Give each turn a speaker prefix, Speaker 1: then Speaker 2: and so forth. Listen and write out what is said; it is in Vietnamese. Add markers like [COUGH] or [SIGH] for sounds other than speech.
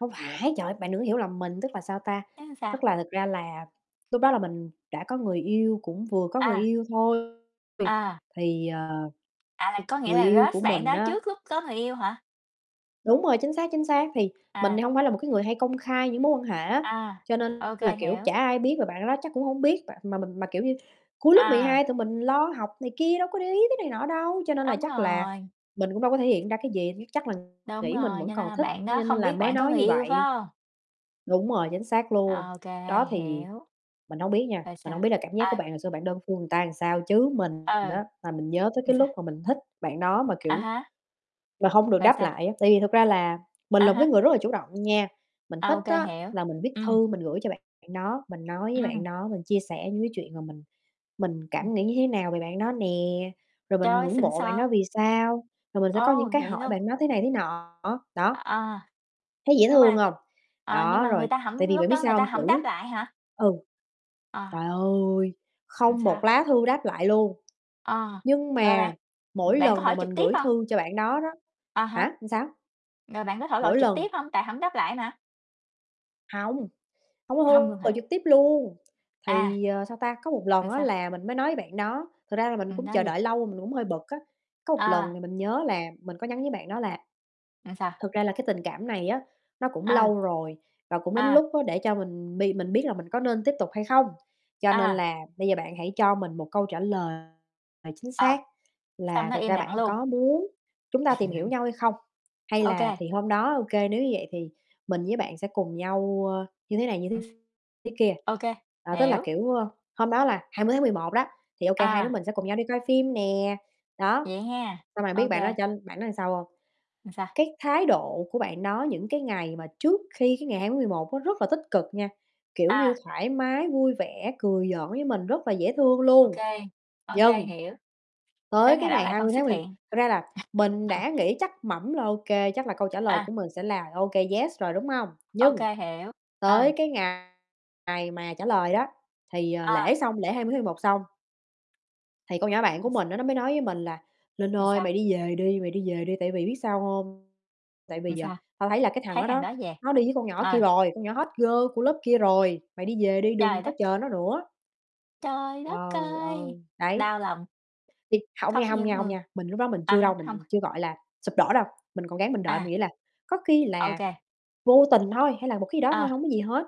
Speaker 1: Không phải, trời ơi, bạn đừng có hiểu lầm mình, tức là, sao ta?
Speaker 2: Thế sao?
Speaker 1: Tức là thực ra là lúc đó là mình đã có người yêu, cũng vừa có người
Speaker 2: À.
Speaker 1: yêu thôi. Vì
Speaker 2: À.
Speaker 1: thì, à,
Speaker 2: À, có nghĩa
Speaker 1: người
Speaker 2: là
Speaker 1: yêu của
Speaker 2: crush bạn
Speaker 1: mình
Speaker 2: đó
Speaker 1: á
Speaker 2: trước lúc có người yêu hả?
Speaker 1: Đúng rồi, chính xác, chính xác, thì mình thì
Speaker 2: À.
Speaker 1: hông phải là một cái người hay công khai những mối quan hệ á,
Speaker 2: À,
Speaker 1: cho nên
Speaker 2: ô
Speaker 1: là,
Speaker 2: kê,
Speaker 1: kiểu, chả
Speaker 2: hiểu.
Speaker 1: ai biết và bạn đó chắc cũng hông biết. B mà mình mà, kiểu như, cuối lớp mười
Speaker 2: À.
Speaker 1: hai tụi mình lo học này kia đâu có để ý tới này nọ đâu, cho nên là
Speaker 2: Đúng
Speaker 1: chắc là
Speaker 2: rồi.
Speaker 1: mình cũng đâu có thể hiện ra cái gì, chắc là
Speaker 2: Đúng
Speaker 1: nghĩ mình
Speaker 2: rồi,
Speaker 1: vẫn
Speaker 2: cho nên
Speaker 1: còn
Speaker 2: là
Speaker 1: thích
Speaker 2: bạn đó
Speaker 1: nên
Speaker 2: không
Speaker 1: là
Speaker 2: biết
Speaker 1: mới
Speaker 2: bạn có
Speaker 1: nói
Speaker 2: người
Speaker 1: như
Speaker 2: yêu, phải
Speaker 1: vậy.
Speaker 2: hông?
Speaker 1: Đúng rồi, chính xác luôn.
Speaker 2: Ô kê,
Speaker 1: Đó, thì
Speaker 2: hiểu.
Speaker 1: mình hông biết nha,
Speaker 2: Rồi
Speaker 1: mình
Speaker 2: sao?
Speaker 1: hông biết là cảm giác của
Speaker 2: Ai?
Speaker 1: bạn hồi xưa bạn đơn phương người ta sao, chứ mình
Speaker 2: Ừ.
Speaker 1: á là mình nhớ tới
Speaker 2: Ừ,
Speaker 1: cái
Speaker 2: sao?
Speaker 1: lúc mà mình thích bạn đó mà,
Speaker 2: À
Speaker 1: kiểu,
Speaker 2: há.
Speaker 1: mà hông được
Speaker 2: Rồi
Speaker 1: đáp
Speaker 2: sao?
Speaker 1: lại á. Tại vì thực ra là mình
Speaker 2: À
Speaker 1: là một cái
Speaker 2: há.
Speaker 1: người rất là chủ động nha, mình
Speaker 2: À,
Speaker 1: thích
Speaker 2: ô kê,
Speaker 1: á
Speaker 2: hiểu,
Speaker 1: là mình viết
Speaker 2: ừm.
Speaker 1: thư mình gửi cho bạn đó, mình nói với bạn
Speaker 2: Ừm.
Speaker 1: đó, mình chia sẻ những cái chuyện mà mình mình cảm
Speaker 2: Ừm.
Speaker 1: nghĩ như thế nào về bạn đó nè, rồi mình
Speaker 2: Trời,
Speaker 1: ngưỡng
Speaker 2: xịn
Speaker 1: mộ bạn
Speaker 2: sò.
Speaker 1: đó vì sao, rồi mình sẽ có
Speaker 2: Ồ,
Speaker 1: những cái
Speaker 2: vậy
Speaker 1: hỏi
Speaker 2: luôn.
Speaker 1: bạn đó thế này thế nọ, đó.
Speaker 2: À.
Speaker 1: Thấy dễ
Speaker 2: Nhưng
Speaker 1: thương
Speaker 2: mà
Speaker 1: hông?
Speaker 2: ờ, nhưng
Speaker 1: Đó,
Speaker 2: mà
Speaker 1: rồi
Speaker 2: người ta
Speaker 1: tại
Speaker 2: hổng
Speaker 1: vì bạn
Speaker 2: lúc
Speaker 1: biết
Speaker 2: đó người
Speaker 1: sao
Speaker 2: ta
Speaker 1: hông?
Speaker 2: hổng đáp
Speaker 1: Chữ
Speaker 2: lại hả?
Speaker 1: ừ.
Speaker 2: À.
Speaker 1: Trời ơi,
Speaker 2: Rồi
Speaker 1: không
Speaker 2: sao?
Speaker 1: một lá thư đáp lại luôn,
Speaker 2: Ờ,
Speaker 1: nhưng
Speaker 2: rồi
Speaker 1: mà
Speaker 2: bạn
Speaker 1: mỗi
Speaker 2: bạn có
Speaker 1: lần mà
Speaker 2: hỏi
Speaker 1: mình
Speaker 2: trực tiếp
Speaker 1: gửi
Speaker 2: hông?
Speaker 1: thư cho bạn đó đó
Speaker 2: À há.
Speaker 1: hả, sao?
Speaker 2: Rồi bạn có thổ lộ
Speaker 1: Mỗi
Speaker 2: trực
Speaker 1: lần
Speaker 2: tiếp hông? Tại hổng đáp lại mà.
Speaker 1: Hông, hông có
Speaker 2: Hông luôn
Speaker 1: thư, gọi
Speaker 2: hả?
Speaker 1: trực tiếp luôn.
Speaker 2: À.
Speaker 1: Thì, ờ, sao ta, có một lần
Speaker 2: Là
Speaker 1: á
Speaker 2: sao?
Speaker 1: là mình mới nói với bạn đó, thật ra là mình
Speaker 2: Ừm,
Speaker 1: cũng
Speaker 2: nói
Speaker 1: chờ
Speaker 2: gì?
Speaker 1: đợi lâu rồi mình cũng hơi bực á, có một lần
Speaker 2: À.
Speaker 1: thì mình nhớ là mình có nhắn với bạn đó là
Speaker 2: Là sao?
Speaker 1: "Thực ra là cái tình cảm này á nó cũng
Speaker 2: Ời.
Speaker 1: lâu rồi và cũng đến
Speaker 2: À.
Speaker 1: lúc á để cho mình bi mình biết là mình có nên tiếp tục hay không? Cho nên
Speaker 2: À.
Speaker 1: là bây giờ bạn hãy cho mình một câu trả lời, à, chính
Speaker 2: Ờ,
Speaker 1: xác
Speaker 2: xong
Speaker 1: là
Speaker 2: nó
Speaker 1: thực
Speaker 2: im
Speaker 1: ra
Speaker 2: lặng
Speaker 1: bạn
Speaker 2: luôn.
Speaker 1: có muốn chúng ta tìm hiểu
Speaker 2: [CHUCKLES]
Speaker 1: nhau hay không? Hay
Speaker 2: Ô kê.
Speaker 1: là thì hôm đó, ô kê, nếu như vậy thì mình với bạn sẽ cùng nhau, ơ, như thế này như
Speaker 2: [CHUCKLES]
Speaker 1: thế thế kia."
Speaker 2: Ô kê,
Speaker 1: Ờ, tức là
Speaker 2: hiểu.
Speaker 1: kiểu, ơ, hôm đó là 20 tháng 11 đó, thì, ô kê, hai đứa
Speaker 2: À.
Speaker 1: mình sẽ cùng nhau đi coi phim nè, đó.
Speaker 2: Vậy ha.
Speaker 1: Xong rồi biết
Speaker 2: Ô
Speaker 1: bạn đó
Speaker 2: kê.
Speaker 1: cho bạn đó sao hông?
Speaker 2: Rồi sao?
Speaker 1: Cái thái độ của bạn đó những cái ngày mà trước khi cái ngày 20 tháng 11 á rất là tích cực nha, kiểu như,
Speaker 2: À.
Speaker 1: thoải mái, vui vẻ cười giỡn với mình rất là dễ thương
Speaker 2: Ô
Speaker 1: luôn.
Speaker 2: kê, ô kê,
Speaker 1: Vâng.
Speaker 2: hiểu. Tới
Speaker 1: Tới cái
Speaker 2: ngày đó
Speaker 1: ngày
Speaker 2: lại
Speaker 1: hai
Speaker 2: không
Speaker 1: mươi tháng
Speaker 2: xuất
Speaker 1: mười
Speaker 2: hiện.
Speaker 1: thật ra là mình đã
Speaker 2: [CHUCKLES]
Speaker 1: nghĩ chắc mẩm là, ô kê, chắc là câu trả lời
Speaker 2: À.
Speaker 1: của mình sẽ là "Ô kê, yes" rồi, đúng hông?
Speaker 2: Ô
Speaker 1: Nhưng
Speaker 2: kê, hiểu. Ừ.
Speaker 1: tới cái ngày ngày mà trả lời đó, thì, ờ, lễ
Speaker 2: À.
Speaker 1: xong, lễ 20 tháng 11 xong. Thì con nhỏ bạn của mình á nó mới nói với mình là "Linh
Speaker 2: Rồi
Speaker 1: ơi, mày
Speaker 2: sao?
Speaker 1: đi về đi, mày đi về đi, tại vì biết sao hông? Tại vì
Speaker 2: Rồi
Speaker 1: giờ
Speaker 2: sao?
Speaker 1: tao thấy là cái thằng
Speaker 2: Thấy
Speaker 1: đó
Speaker 2: thằng
Speaker 1: đó,
Speaker 2: đó về,
Speaker 1: nó đi với con nhỏ kia
Speaker 2: ờ.
Speaker 1: rồi, con nhỏ hot girl của lớp kia rồi, mày đi về đi đừng
Speaker 2: Trời
Speaker 1: có
Speaker 2: đất!
Speaker 1: chờ nó nữa."
Speaker 2: Trời đất
Speaker 1: Trời
Speaker 2: ơi!
Speaker 1: ơi, đấy.
Speaker 2: Đau lòng.
Speaker 1: Thì hông
Speaker 2: Khóc
Speaker 1: nha, hông
Speaker 2: như
Speaker 1: nha, hông
Speaker 2: mưa,
Speaker 1: nha, mình lúc đó mình
Speaker 2: à
Speaker 1: chưa đâu,
Speaker 2: há, hông.
Speaker 1: mình chưa, gọi là, sụp đổ đâu, mình còn ráng mình đợi
Speaker 2: À.
Speaker 1: mình nghĩ là "Có khi
Speaker 2: Ô
Speaker 1: là
Speaker 2: kê.
Speaker 1: vô tình thôi hay là một cái gì đó thôi
Speaker 2: À.
Speaker 1: hổng có gì hết."